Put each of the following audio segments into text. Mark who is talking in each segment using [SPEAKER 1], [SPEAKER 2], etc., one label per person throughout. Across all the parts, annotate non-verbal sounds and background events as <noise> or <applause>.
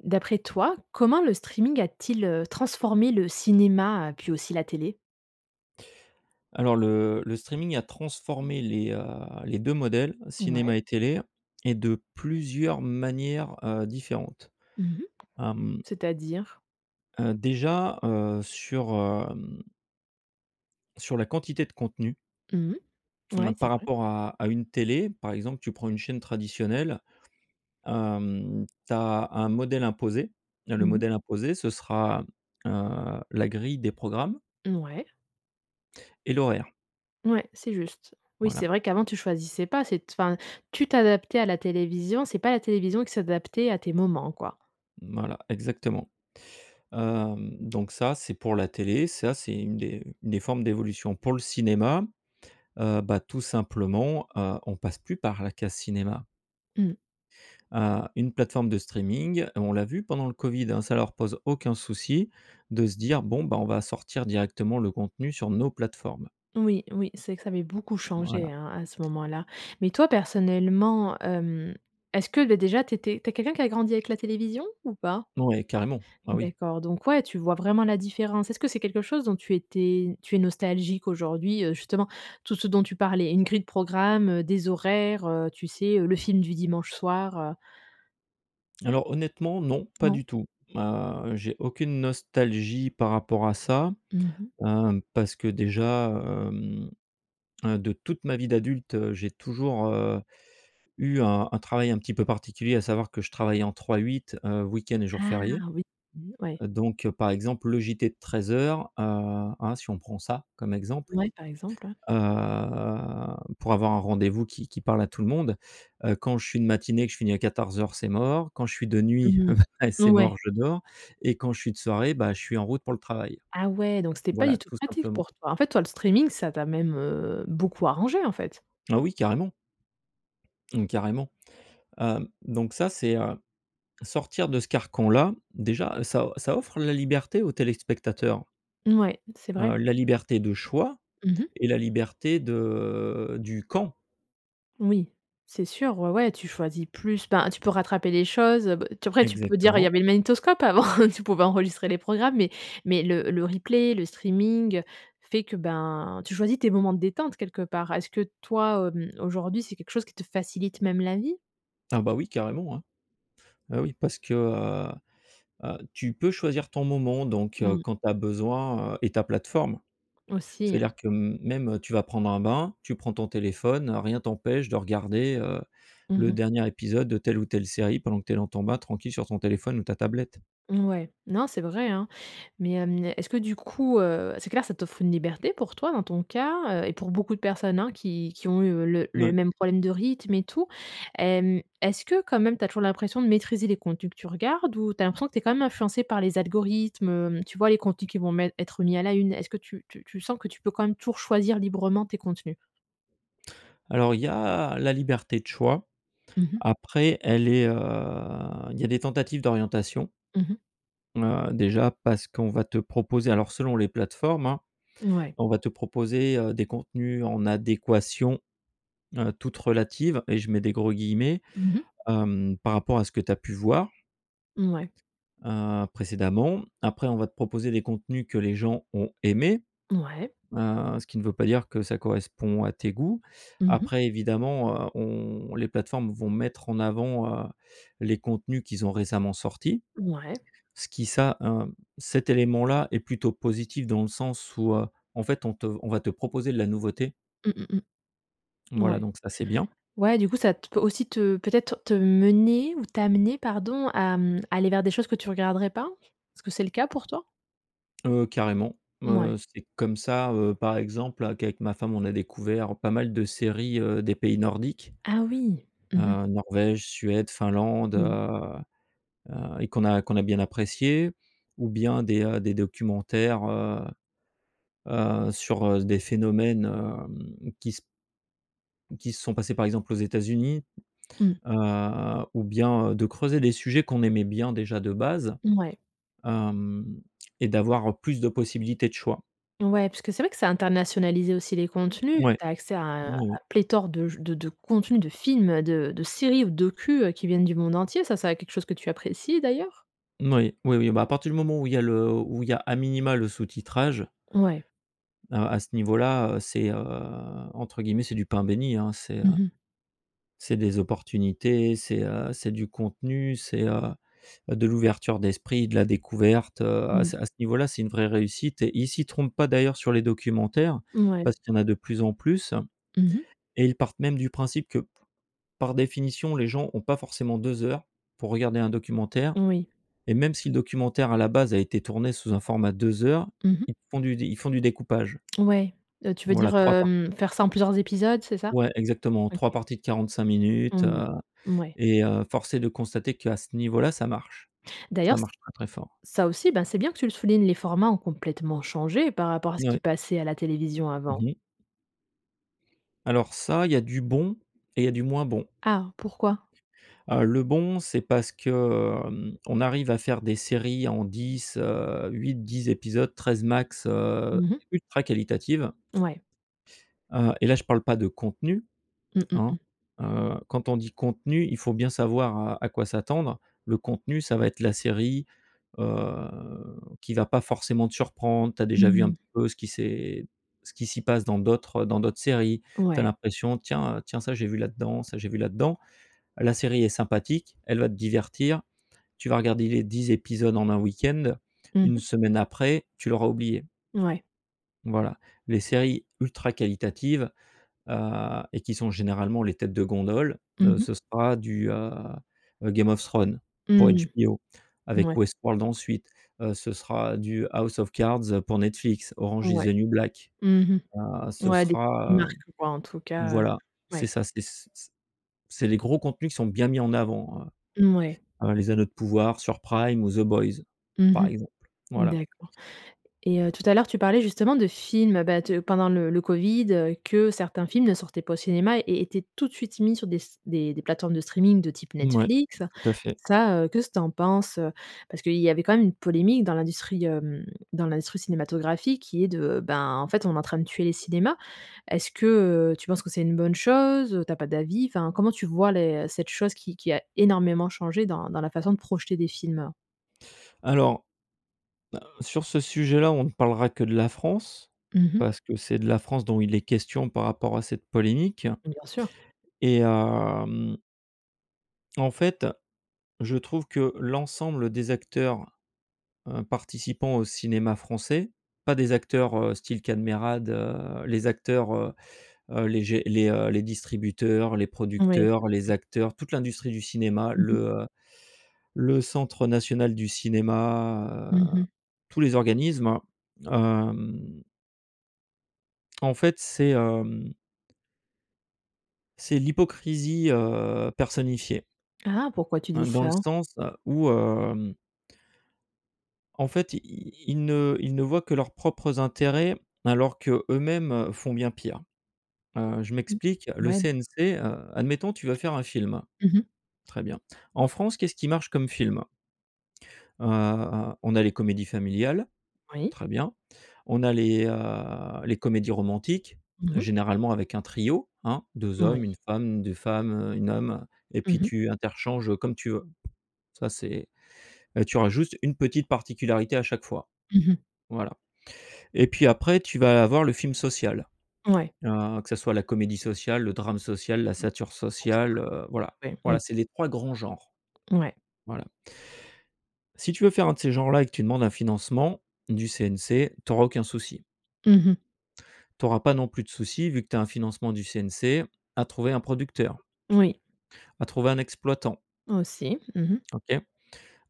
[SPEAKER 1] D'après toi, comment le streaming a-t-il, heu, transformé le cinéma heu, puis aussi la télé?
[SPEAKER 2] Alors le le streaming a transformé les, heu les 2 modèles,
[SPEAKER 1] Ouais.
[SPEAKER 2] cinéma et télé, et de plusieurs manières, heu, différentes.
[SPEAKER 1] Mmh mh
[SPEAKER 2] Hem
[SPEAKER 1] C'est à dire?
[SPEAKER 2] Heu, déjà, heu, sur, hem sur la quantité de contenu
[SPEAKER 1] Mmh mh. Ouais,
[SPEAKER 2] par
[SPEAKER 1] c'est vrai.
[SPEAKER 2] rapport à à une télé, par exemple, tu prends une chaîne traditionnelle, heu, tu as un modèle imposé. Le
[SPEAKER 1] Mmh mh.
[SPEAKER 2] modèle imposé, ce sera, heu, la grille des programmes
[SPEAKER 1] Ouais.
[SPEAKER 2] et l'horaire.
[SPEAKER 1] Ouais, c'est juste. Oui, c'est
[SPEAKER 2] Voilà.
[SPEAKER 1] vrai qu'avant tu choisissais pas, c'est enfin, tu t'adaptais à la télévision. C'est pas la télévision qui s'adaptait à tes moments, quoi.
[SPEAKER 2] Voilà, exactement, hem, donc ça c'est pour la télé, ça c'est une des une des formes d'évolution. Pour le cinéma, heu, bah, tout simplement, heu, on passe plus par la case cinéma.
[SPEAKER 1] Mmh.
[SPEAKER 2] Heu, une plateforme de streaming. Et on l'a vu pendant le Covid, hein, ça leur pose aucun souci de se dire: «Bon, ben on va sortir directement le contenu sur nos plateformes.»
[SPEAKER 1] Oui, oui, c'est que ça avait beaucoup changé,
[SPEAKER 2] Voilà.
[SPEAKER 1] hein, à ce moment-là. Mais toi, personnellement, hem, est-ce que, bah déjà tu étais tu es quelqu'un qui a grandi avec la télévision ou pas?
[SPEAKER 2] Oui, carrément, ah oui!
[SPEAKER 1] D'accord, donc ouais, tu vois vraiment la différence. Est-ce que c'est quelque chose dont tu étais tu es nostalgique aujourd'hui, heu, justement, tout ce dont tu parlais, une grille de programme, heu, des horaires, heu, tu sais, heu, le film du dimanche soir, heu?
[SPEAKER 2] Alors honnêtement, non, pas
[SPEAKER 1] Non?
[SPEAKER 2] du tout. Heu, j'ai aucune nostalgie par rapport à ça,
[SPEAKER 1] Mmh mh.
[SPEAKER 2] hem, parce que déjà, hem heu de toute ma vie d'adulte, heu, j'ai toujours, heu, eu un un travail un petit peu particulier, à savoir que je travaillais en 3x8, heu, week-end et jours
[SPEAKER 1] Ah
[SPEAKER 2] fériés.
[SPEAKER 1] oui! Mmh ouais.
[SPEAKER 2] Donc, heu, par exemple, le JT de 13:00, heu, hein, si on prend ça, comme exemple.
[SPEAKER 1] Ouais, par exemple, ouais.
[SPEAKER 2] Heu, pour avoir un rendez-vous qui qui parle à tout le monde. Heu, quand je suis de matinée, que je finis à 14:00, c'est mort. Quand je suis de nuit,
[SPEAKER 1] Mmh mh.
[SPEAKER 2] <chuckles> après c'est
[SPEAKER 1] Ouais.
[SPEAKER 2] mort, je dors. Et quand je suis de soirée, bah, je suis en route pour le travail.
[SPEAKER 1] Ah ouais, donc c'était pas du
[SPEAKER 2] Voilà,
[SPEAKER 1] tout
[SPEAKER 2] tout
[SPEAKER 1] pratique
[SPEAKER 2] simplement.
[SPEAKER 1] pour toi. En fait, toi, le streaming, ça t'a même, heu, beaucoup arrangé, en fait?
[SPEAKER 2] Ah oui, carrément. Mmh, carrément, heu, donc ça c'est, heu, sortir de ce carcan-là déjà, ça ça offre la liberté aux téléspectateurs.
[SPEAKER 1] Ouais, c'est vrai.
[SPEAKER 2] Heu, la liberté de choix
[SPEAKER 1] Mmh mh.
[SPEAKER 2] et la liberté de du quand.
[SPEAKER 1] Oui, c'est sûr, ouais, ouais, tu choisis plus, ben, tu peux rattraper les choses, heu. B après tu peux dire: «il y
[SPEAKER 2] Exactement.
[SPEAKER 1] avait le magnétoscope avant, tu pouvais enregistrer les programmes», mais mais le le replay, le streaming fait que, ben, tu choisis tes moments de détente quelque part. Est-ce que toi, hem, aujourd'hui, c'est quelque chose qui te facilite même la vie?
[SPEAKER 2] Ah, bah, oui, carrément, hein. Bah, oui, parce que, heu heu, tu peux choisir ton moment, donc heu,
[SPEAKER 1] Mmh.
[SPEAKER 2] quand tu as besoin, heu, et ta plateforme. C'est à
[SPEAKER 1] Aussi.
[SPEAKER 2] dire que m même, heu, tu vas prendre un bain, tu prends ton téléphone. Rien t'empêche de regarder, heu,
[SPEAKER 1] Mmh
[SPEAKER 2] le
[SPEAKER 1] mh.
[SPEAKER 2] dernier épisode de telle ou telle série pendant que tu es dans ton bain, tranquille, sur ton téléphone ou ta tablette.
[SPEAKER 1] Ouais, non, c'est vrai, hein, mais, hem, est-ce que du coup, heu, c'est clair, ça t'offre une liberté pour toi, dans ton cas, heu, et pour beaucoup de personnes, hein, qui qui ont eu, heu, le
[SPEAKER 2] N
[SPEAKER 1] le
[SPEAKER 2] ouais.
[SPEAKER 1] même problème de rythme et tout. Hem, est-ce que, quand même, tu as toujours l'impression de maîtriser les contenus que tu regardes ou tu as l'impression que tu es quand même influencé par les algorithmes? Tu vois, les contenus qui vont mettre être mis à la une. Est-ce que tu tu tu sens que tu peux quand même toujours choisir librement tes contenus?
[SPEAKER 2] Alors, il y a la liberté de choix.
[SPEAKER 1] Mmh mh.
[SPEAKER 2] Après, elle est, heu, il y a des tentatives d'orientation
[SPEAKER 1] Mmh mh.
[SPEAKER 2] heu, déjà parce qu'on va te proposer, alors, selon les plateformes, hein,
[SPEAKER 1] Ouais.
[SPEAKER 2] on va te proposer, heu, des contenus en adéquation, heu, toute relative et je mets des gros guillemets,
[SPEAKER 1] Mmh mh.
[SPEAKER 2] hem, par rapport à ce que tu as pu voir
[SPEAKER 1] Mouais.
[SPEAKER 2] heu, précédemment. Après on va te proposer des contenus que les gens ont aimés.
[SPEAKER 1] Ouais.
[SPEAKER 2] Heu, ce qui ne veut pas dire que ça correspond à tes goûts.
[SPEAKER 1] Mmh mh.
[SPEAKER 2] Après évidemment, heu, on les plateformes vont mettre en avant, heu, les contenus qu'ils ont récemment sortis,
[SPEAKER 1] Mouais.
[SPEAKER 2] ce qui ça, un cet élément-là est plutôt positif dans le sens où, heu, en fait, on te on va te proposer de la nouveauté.
[SPEAKER 1] Mmh, mmh, mmh.
[SPEAKER 2] Voilà,
[SPEAKER 1] Ouais.
[SPEAKER 2] donc ça, c'est bien.
[SPEAKER 1] Ouais, du coup, ça t peut aussi te, peut-être te mener ou t'amener, pardon, à, mmh, aller vers des choses que tu regarderais pas? Est-ce que c'est le cas pour toi?
[SPEAKER 2] Heu, carrément. Heu,
[SPEAKER 1] Mouais.
[SPEAKER 2] c'est comme ça, heu, par exemple, à qu'avec ma femme on a découvert pas mal de séries, heu, des pays nordiques.
[SPEAKER 1] Ah oui! Mmh mh.
[SPEAKER 2] Heu, Norvège, Suède, Finlande,
[SPEAKER 1] Mmh.
[SPEAKER 2] heu heu, et qu'on a qu'on a bien appréciées ou bien des, heu, des documentaires, heu heu, sur, heu, des phénomènes, hem, qui s qui se sont passés, par exemple, aux États-Unis.
[SPEAKER 1] Mmh.
[SPEAKER 2] Heu, ou bien, heu, de creuser les sujets qu'on aimait bien déjà de base,
[SPEAKER 1] Mouais.
[SPEAKER 2] hem, et d'avoir, heu, plus de possibilités de choix.
[SPEAKER 1] Ouais, puisque c'est vrai que ça a internationalisé aussi les contenus.
[SPEAKER 2] Ouais,
[SPEAKER 1] Tu as accès à un
[SPEAKER 2] oui, oui.
[SPEAKER 1] pléthore de j de de contenus, de films, heu, de de séries ou de docus, heu, qui viennent du monde entier. Ça, ça a quelque chose que tu apprécies, d'ailleurs?
[SPEAKER 2] N oui, oui, oui. Bah, à partir du moment où il y a le où il y a, à minima, le sous titrage
[SPEAKER 1] Ouais.
[SPEAKER 2] heu, à ce niveau-là, heu, c'est, heu, entre guillemets, c'est du pain béni, hein, c'est
[SPEAKER 1] Mmh mh.
[SPEAKER 2] c'est des opportunités. C'est, heu, c'est du contenu, c'est, heu heu, de l'ouverture d'esprit, de la découverte. Heu, à
[SPEAKER 1] Mmh.
[SPEAKER 2] ce à ce niveau-là, c'est une vraie réussite et ils s'y trompent pas, d'ailleurs, sur les documentaires,
[SPEAKER 1] Mouais.
[SPEAKER 2] parce qu'il y en a de plus en plus,
[SPEAKER 1] Mmh mh.
[SPEAKER 2] et ils partent même du principe que, p par définition, les gens ont pas forcément 2 heures pour regarder un documentaire
[SPEAKER 1] Oui.
[SPEAKER 2] et même si le documentaire à la base a été tourné sous un format 2 heures,
[SPEAKER 1] Mmh mh.
[SPEAKER 2] ils font du d ils font du découpage.
[SPEAKER 1] Ouais, heu, tu veux
[SPEAKER 2] Voilà,
[SPEAKER 1] dire,
[SPEAKER 2] 3 part
[SPEAKER 1] hem, faire ça en plusieurs épisodes, c'est ça?
[SPEAKER 2] Ouais, exactement, 3
[SPEAKER 1] OK.
[SPEAKER 2] parties de 45 minutes,
[SPEAKER 1] Mmh.
[SPEAKER 2] heu,
[SPEAKER 1] Mouais.
[SPEAKER 2] et heu, force est de constater qu'à ce niveau-là, ça marche, ça
[SPEAKER 1] D'ailleurs, c
[SPEAKER 2] marche très très fort.
[SPEAKER 1] ça aussi, ben, c'est bien que tu le soulignes, les formats ont complètement changé par rapport à ce
[SPEAKER 2] N ouais.
[SPEAKER 1] qui passait à la télévision
[SPEAKER 2] Mmh
[SPEAKER 1] avant.
[SPEAKER 2] mh. Alors ça, il y a du bon et il y a du moins bon.
[SPEAKER 1] Ah, pourquoi?
[SPEAKER 2] Heu, le bon, c'est parce que, hem, on arrive à faire des séries en 10, heu, 8-10 épisodes, 13 max, heu,
[SPEAKER 1] Mmh mh.
[SPEAKER 2] ultra qualitatives.
[SPEAKER 1] Ouais.
[SPEAKER 2] Heu, et là, je parle pas de contenu,
[SPEAKER 1] Mmh, mmh,
[SPEAKER 2] hein.
[SPEAKER 1] mmh.
[SPEAKER 2] Heu, quand on dit contenu, il faut bien savoir à à quoi s'attendre. Le contenu, ça va être la série, heu, qui va pas forcément te surprendre. Tu as déjà vu un
[SPEAKER 1] Mmh.
[SPEAKER 2] petit peu ce qui s'est ce qui s'y passe dans d'autres dans d'autres séries. Tu as
[SPEAKER 1] Ouais.
[SPEAKER 2] l'impression: «Tiens, heu, tiens ça j'ai vu là-dedans, ça, j'ai vu là-dedans». La série est sympathique, elle va te divertir. Tu vas regarder les 10 épisodes en 1 week-end,
[SPEAKER 1] Mmh
[SPEAKER 2] 1
[SPEAKER 1] mh.
[SPEAKER 2] semaine après, tu l'auras oubliée.
[SPEAKER 1] Ouais.
[SPEAKER 2] Voilà. Les séries ultra qualitatives, heu, et qui sont généralement les têtes de gondole,
[SPEAKER 1] Mmh
[SPEAKER 2] heu,
[SPEAKER 1] mh.
[SPEAKER 2] ce sera du, heu, Game of Thrones pour
[SPEAKER 1] Mmh.
[SPEAKER 2] HBO avec
[SPEAKER 1] Mouais.
[SPEAKER 2] Westworld ensuite. Heu, ce sera du House of Cards pour Netflix, Orange is
[SPEAKER 1] Ouais.
[SPEAKER 2] the New Black,
[SPEAKER 1] Mmh
[SPEAKER 2] heu,
[SPEAKER 1] mh.
[SPEAKER 2] ce
[SPEAKER 1] Ouais des petites
[SPEAKER 2] sera
[SPEAKER 1] marques, heu, quoi, en tout cas.
[SPEAKER 2] voilà, c'est
[SPEAKER 1] Ouais.
[SPEAKER 2] ça, c c c'est les gros contenus qui sont bien mis en avant,
[SPEAKER 1] Mmh ouais.
[SPEAKER 2] heu, heu, Les Anneaux de Pouvoir sur Prime ou The boys,
[SPEAKER 1] Mmh
[SPEAKER 2] par
[SPEAKER 1] mh.
[SPEAKER 2] exemple, voilà.
[SPEAKER 1] D'accord, et, heu, tout à l'heure, tu parlais justement de films, bah, de pendant le le covid, heu, que certains films ne sortaient pas au cinéma et étaient tout de suite mis sur des s des des plateformes de streaming de type
[SPEAKER 2] Mouais,
[SPEAKER 1] Netflix.
[SPEAKER 2] tout à fait.
[SPEAKER 1] Ça, qu'est ce tu en penses? Parce qu'il y avait quand même une polémique dans l'industrie hem, dans l'industrie cinématographique qui est de ben, en fait, on est en train de tuer les cinémas. Est-ce que, heu, tu penses que c'est une bonne chose? Tu as pas d'avis? Enfin, comment tu vois les cette chose qui qui a énormément changé dans dans la façon de projeter des films?
[SPEAKER 2] Alors, heu, sur ce sujet-là, on ne parlera que de la France,
[SPEAKER 1] Mmh mh.
[SPEAKER 2] parce que c'est de la France dont il est question par rapport à cette polémique
[SPEAKER 1] Bien sûr.
[SPEAKER 2] et, hem en fait, je trouve que l'ensemble des acteurs, heu, participants au cinéma français, pas des acteurs, heu, style Kad Merad, heu, les acteurs, heu, les gé les heu, les distributeurs, les
[SPEAKER 1] Ouais.
[SPEAKER 2] producteurs, les acteurs, toute l'industrie du cinéma,
[SPEAKER 1] Mmh
[SPEAKER 2] le
[SPEAKER 1] mh.
[SPEAKER 2] heu, le Centre National du Cinéma,
[SPEAKER 1] Mmh
[SPEAKER 2] heu,
[SPEAKER 1] mh.
[SPEAKER 2] tous les organismes, hem. En fait, c'est, hem c'est l'hypocrisie, heu, personnifiée
[SPEAKER 1] Ah, pourquoi tu
[SPEAKER 2] hein,
[SPEAKER 1] dis
[SPEAKER 2] dans le
[SPEAKER 1] ça?
[SPEAKER 2] sens où, hem en fait, ils ils ne ils ne voient que leurs propres intérêts alors que eux-mêmes font bien pire. Heu, je
[SPEAKER 1] Mmh,
[SPEAKER 2] m'explique. Le
[SPEAKER 1] ouais.
[SPEAKER 2] CNC heu, admettons, tu veux faire un film.
[SPEAKER 1] Mmh mh.
[SPEAKER 2] Très bien. En France, qu'est-ce qui marche comme film? Heu, on a les comédies familiales.
[SPEAKER 1] Oui.
[SPEAKER 2] Très bien. On a les, heu, les comédies romantiques,
[SPEAKER 1] Mmh mh.
[SPEAKER 2] généralement avec un trio, hein: 2 hommes,
[SPEAKER 1] Oui.
[SPEAKER 2] 1 femme, 2 femmes, 1 homme et
[SPEAKER 1] Mmh
[SPEAKER 2] puis
[SPEAKER 1] mh.
[SPEAKER 2] tu interchanges, heu, comme tu veux. Ça c'est, heu, tu auras juste une petite particularité à chaque fois,
[SPEAKER 1] Mmh mh.
[SPEAKER 2] voilà. Et puis après, tu vas avoir le film social,
[SPEAKER 1] Ouais.
[SPEAKER 2] heu, que ce soit la comédie sociale, le drame social, la
[SPEAKER 1] Mmh,
[SPEAKER 2] satire
[SPEAKER 1] ça fonctionne
[SPEAKER 2] sociale, heu,
[SPEAKER 1] <unintelligible>
[SPEAKER 2] voilà.
[SPEAKER 1] ouais, oui.
[SPEAKER 2] Voilà, c'est les 3 grands genres.
[SPEAKER 1] Mouais.
[SPEAKER 2] Voilà. Si tu veux faire un de ces genres-là et que tu demandes un financement du CNC, tu auras aucun souci.
[SPEAKER 1] Mmh mh.
[SPEAKER 2] Tu auras pas non plus de soucis, vu que tu as un financement du CNC, à trouver un producteur
[SPEAKER 1] Oui.
[SPEAKER 2] à trouver un exploitant.
[SPEAKER 1] Aussi. Mmh mh.
[SPEAKER 2] OK?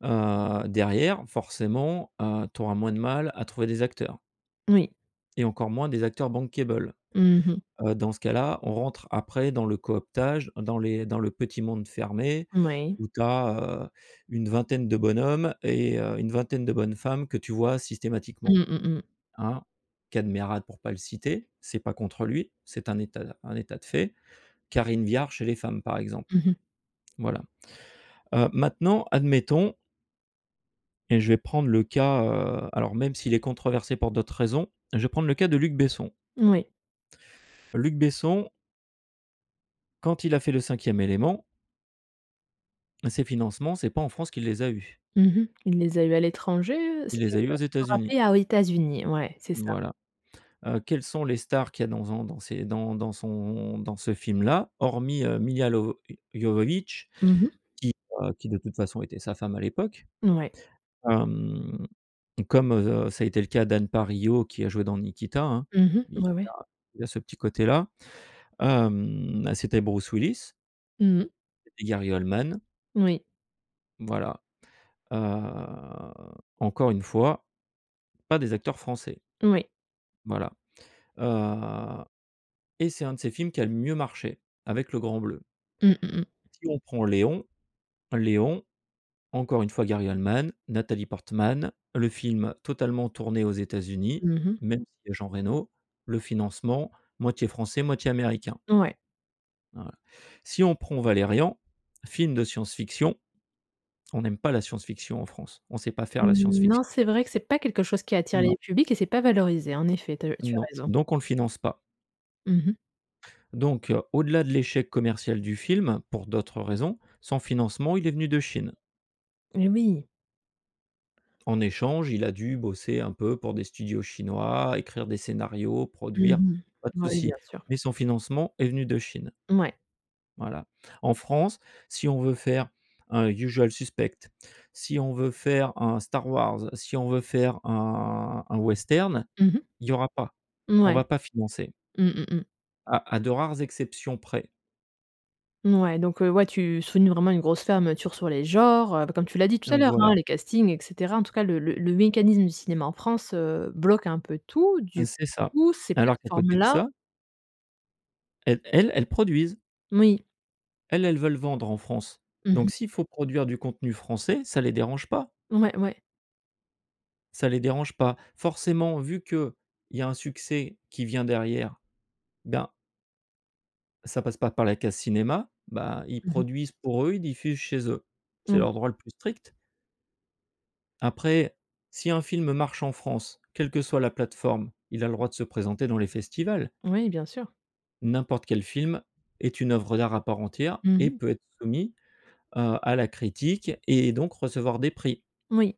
[SPEAKER 2] Heu, derrière, forcément, heu, tu auras moins de mal à trouver des acteurs
[SPEAKER 1] Oui.
[SPEAKER 2] et encore moins des acteurs bankable,
[SPEAKER 1] Mmh mh.
[SPEAKER 2] heu. Dans ce cas là, on rentre après dans le cooptage, dans les dans le petit monde fermé
[SPEAKER 1] Moui.
[SPEAKER 2] où tu as, heu, une vingtaine de bonhommes et heu, une vingtaine de bonnes femmes que tu vois systématiquement,
[SPEAKER 1] Mmh mh, mh.
[SPEAKER 2] hein. Kad Merad pour pas le citer, c'est pas contre lui, c'est un état d un état de fait. Karine Viard, chez les femmes, par
[SPEAKER 1] Mmh
[SPEAKER 2] exemple.
[SPEAKER 1] mh.
[SPEAKER 2] Voilà, heu, maintenant, admettons et je vais prendre le cas, heu, alors même s'il est controversé pour d'autres raisons, je vais prendre le cas de Luc Besson.
[SPEAKER 1] Oui.
[SPEAKER 2] Luc Besson quand il a fait Le Cinquième Élément ses financements, c'est pas en France qu'il les a eu.
[SPEAKER 1] Mmh mh. Il les a eu à l'étranger, heu?
[SPEAKER 2] Il
[SPEAKER 1] C'était,
[SPEAKER 2] les
[SPEAKER 1] heu,
[SPEAKER 2] a eu aux
[SPEAKER 1] tu peux
[SPEAKER 2] États-Unis.
[SPEAKER 1] rappeler? Ah, aux États-Unis, ouais, c'est ça.
[SPEAKER 2] Voilà, heu, quelles sont les stars qu'il y a dans en dans ses dans dans son dans ce film-là? Hormis, heu, Milla Lovo Jovovich
[SPEAKER 1] Mmh mh.
[SPEAKER 2] qui, heu, qui de toute façon était sa femme à l'époque.
[SPEAKER 1] Ouais.
[SPEAKER 2] Hem, comme, heu, ça a été le cas d'Anne Parillaud, qui a joué dans Nikita, hein.
[SPEAKER 1] Mmh
[SPEAKER 2] Il y
[SPEAKER 1] mh.
[SPEAKER 2] a
[SPEAKER 1] Ouais, ouais.
[SPEAKER 2] il y a ce petit côté-là. Hem, bah, c'était Bruce Willis
[SPEAKER 1] Mmh mh.
[SPEAKER 2] Gary Oldman.
[SPEAKER 1] Oui.
[SPEAKER 2] Voilà, heu, encore une fois, pas des acteurs français.
[SPEAKER 1] Oui.
[SPEAKER 2] Voilà, heu et c'est un de ses films qui a le mieux marché, avec Le Grand Bleu.
[SPEAKER 1] Mmh mh mh.
[SPEAKER 2] Si on prend Léon. Léon, encore une fois, Gary Oldman, Natalie Portman, le film totalement tourné aux États-Unis,
[SPEAKER 1] Mmh mh.
[SPEAKER 2] même s'il y a Jean Reno, le financement, moitié français, moitié américain.
[SPEAKER 1] Ouais.
[SPEAKER 2] Voila. Si on prend «Valérian», film de science fiction, on n'aime pas la science fiction en France. On sait pas faire la science
[SPEAKER 1] Mmh,
[SPEAKER 2] fict
[SPEAKER 1] non, c'est vrai que c'est pas quelque chose qui attire
[SPEAKER 2] Non.
[SPEAKER 1] les publics et c'est pas valorisé. En effet, tu as eu tu as
[SPEAKER 2] Non,
[SPEAKER 1] raison.
[SPEAKER 2] donc on le finance pas.
[SPEAKER 1] Mmh mh.
[SPEAKER 2] Donc, heu, au-delà de l'échec commercial du film, pour d'autres raisons, son financement il est venu de Chine.
[SPEAKER 1] Et oui.
[SPEAKER 2] En échange, il a dû bosser un peu pour des studios chinois, écrire des scénarios,
[SPEAKER 1] Mmh
[SPEAKER 2] produire, pas de
[SPEAKER 1] mh. Oui,
[SPEAKER 2] souci.
[SPEAKER 1] bien sûr.
[SPEAKER 2] Mais son financement est venu de Chine.
[SPEAKER 1] Mouais.
[SPEAKER 2] Voilà. En France si on veut faire un «Usual Suspects», si on veut faire un «Star Wars», si on veut faire un un western,
[SPEAKER 1] Mmh mh.
[SPEAKER 2] il y aura pas. On
[SPEAKER 1] Mouais.
[SPEAKER 2] va pas financer.
[SPEAKER 1] Mmh, mmh mh.
[SPEAKER 2] À à de rares exceptions près.
[SPEAKER 1] Mouais donc, heu, ouais tu soulignes vraiment une grosse fermeture sur les genres, heu, bah, comme tu l'as dit tout à
[SPEAKER 2] Donc
[SPEAKER 1] l'heure
[SPEAKER 2] voilà.
[SPEAKER 1] hein. Les castings et cetera en tout cas le le le mécanisme du cinéma en France, heu, bloque un peu tout du
[SPEAKER 2] C'est ça.
[SPEAKER 1] coup ces
[SPEAKER 2] Alors qu'à côté de
[SPEAKER 1] plateformes-là
[SPEAKER 2] ça elles elles, elles produisent.
[SPEAKER 1] Moui.
[SPEAKER 2] Elles, elles veulent vendre en France.
[SPEAKER 1] Mmh
[SPEAKER 2] Donc
[SPEAKER 1] mh.
[SPEAKER 2] s'il faut produire du contenu français, ça les dérange pas!
[SPEAKER 1] Ouais, ouais.
[SPEAKER 2] Ça les dérange pas. Forcément, vu qu'il y a un succès qui vient derrière, ben ça passe pas par la case cinéma, bah ils
[SPEAKER 1] Mmh mh.
[SPEAKER 2] produisent pour eux, ils diffusent chez eux. C'est
[SPEAKER 1] Mmh.
[SPEAKER 2] leur droit le plus strict. Après, si un film marche en France, quelle que soit la plateforme, il a le droit de se présenter dans les festivals.
[SPEAKER 1] Oui, bien sûr.
[SPEAKER 2] N'importe quel film est une œuvre d'art à part entière
[SPEAKER 1] Mmh
[SPEAKER 2] et
[SPEAKER 1] mh.
[SPEAKER 2] peut être soumis à à la critique et donc recevoir des prix.
[SPEAKER 1] Oui.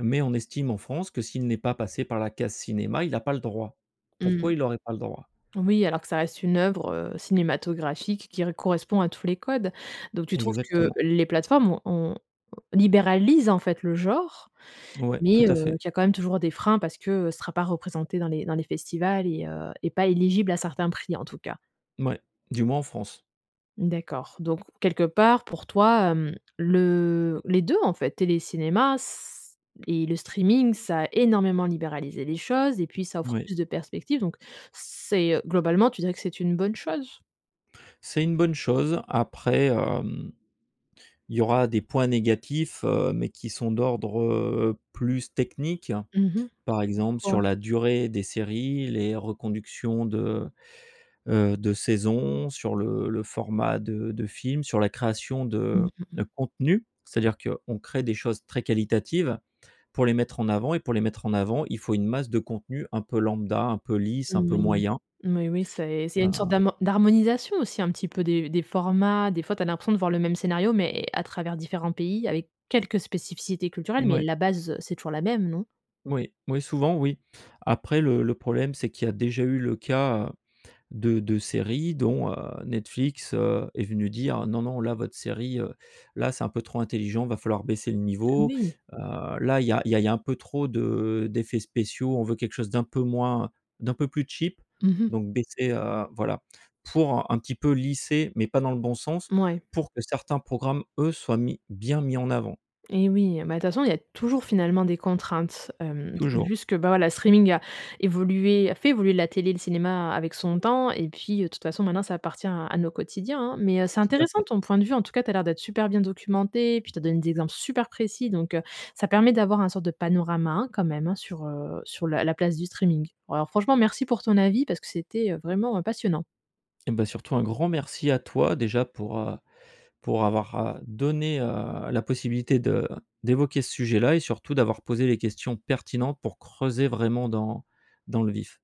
[SPEAKER 2] Mais on estime en France que, s'il n'est pas passé par la case cinéma, il a pas le droit.
[SPEAKER 1] Mmh.
[SPEAKER 2] Pourquoi il aurait pas le droit?
[SPEAKER 1] Oui, alors que ça reste une œuvre, heu, cinématographique qui re correspond à tous les codes. Donc tu trouves que
[SPEAKER 2] Exactement.
[SPEAKER 1] les plateformes ont, heu, libéralisent, en fait, le genre.
[SPEAKER 2] Ouais, tout
[SPEAKER 1] Mais heu,
[SPEAKER 2] à fait.
[SPEAKER 1] qu'il y a quand même toujours des freins, parce que, heu, ce sera pas représenté dans les dans les festivals et heu, et pas éligible à certains prix, en tout cas.
[SPEAKER 2] Mouais, du moins en France.
[SPEAKER 1] D'accord, donc quelque part, pour toi, hem, le les 2 en fait, télé, cinéma c et le streaming, ça a énormément libéralisé les choses et puis, ça offre
[SPEAKER 2] Moui.
[SPEAKER 1] plus de perspectives donc, c'est, heu, globalement, tu dirais que c'est une bonne chose?
[SPEAKER 2] C'est une bonne chose. Après, hem, il y aura des points négatifs, heu, mais qui sont d'ordre, heu, plus technique.
[SPEAKER 1] Mmh mh,
[SPEAKER 2] Par
[SPEAKER 1] comme
[SPEAKER 2] exemple,
[SPEAKER 1] quoi?
[SPEAKER 2] sur la durée des séries, les reconductions de, heu, de saisons, sur le le format de de films, sur la création
[SPEAKER 1] Mmh
[SPEAKER 2] de
[SPEAKER 1] mh.
[SPEAKER 2] de contenus. C'est-à-dire qu'on crée des choses très qualitatives pour les mettre en avant et pour les mettre en avant, il faut une masse de contenu un peu lambda, un peu lisse, un
[SPEAKER 1] Mmh
[SPEAKER 2] peu
[SPEAKER 1] oui,
[SPEAKER 2] moyen.
[SPEAKER 1] oui, oui, c'est c'est une sorte
[SPEAKER 2] Ah.
[SPEAKER 1] d'hamo d'harmonisation aussi, un petit peu, des des formats. Des fois, tu as l'impression de voir le même scénario, mais à travers différents pays avec quelques spécificités culturelles. Mais
[SPEAKER 2] Mouais.
[SPEAKER 1] la base, heu, c'est toujours la même, non?
[SPEAKER 2] Oui. Oui, souvent, oui. Après, le le problème, c'est qu'il y a déjà eu le cas de de séries dont, heu, Netflix, heu, est venu dire: «Non non, là, votre série, heu, là, c'est un peu trop intelligent, il va falloir baisser le
[SPEAKER 1] Ah
[SPEAKER 2] niveau.
[SPEAKER 1] oui!
[SPEAKER 2] Heu, là, il y a il y a il y a un peu trop de d'effets spéciaux, on veut quelque chose d'un peu moins, d'un peu plus cheap
[SPEAKER 1] Mmh mh.
[SPEAKER 2] donc baissez, heu, voilà.» Pour un petit peu lisser, mais pas dans le bon sens,
[SPEAKER 1] Mouais.
[SPEAKER 2] pour que certains programmes, eux, soient mis bien mis en avant.
[SPEAKER 1] Et oui, bah, de toute façon, il y a toujours, finalement, des contraintes. Hem, c'est
[SPEAKER 2] Toujours.
[SPEAKER 1] juste que, bon, la streaming a évolué, a fait évoluer la télé et le cinéma avec son temps et puis, de toute façon, maintenant ça appartient à à nos quotidiens, hein. Mais, heu, c'est
[SPEAKER 2] Tout à
[SPEAKER 1] intéressant
[SPEAKER 2] fait.
[SPEAKER 1] ton point de vue, en tout cas. Tu as l'air d'être super bien documenté puis tu as donné des exemples super précis. Donc, heu, ça permet d'avoir un sorte de panorama hein, quand même, hein, sur, heu, sur la la place du streaming. Alors franchement, merci pour ton avis parce que c'était, heu, vraiment, heu, passionnant.
[SPEAKER 2] Et bah, surtout un grand merci à toi déjà pour, heu, pour avoir, heu, donné, heu, la possibilité de d'évoquer ce sujet-là et surtout d'avoir posé les questions pertinentes pour creuser vraiment dans dans le vif.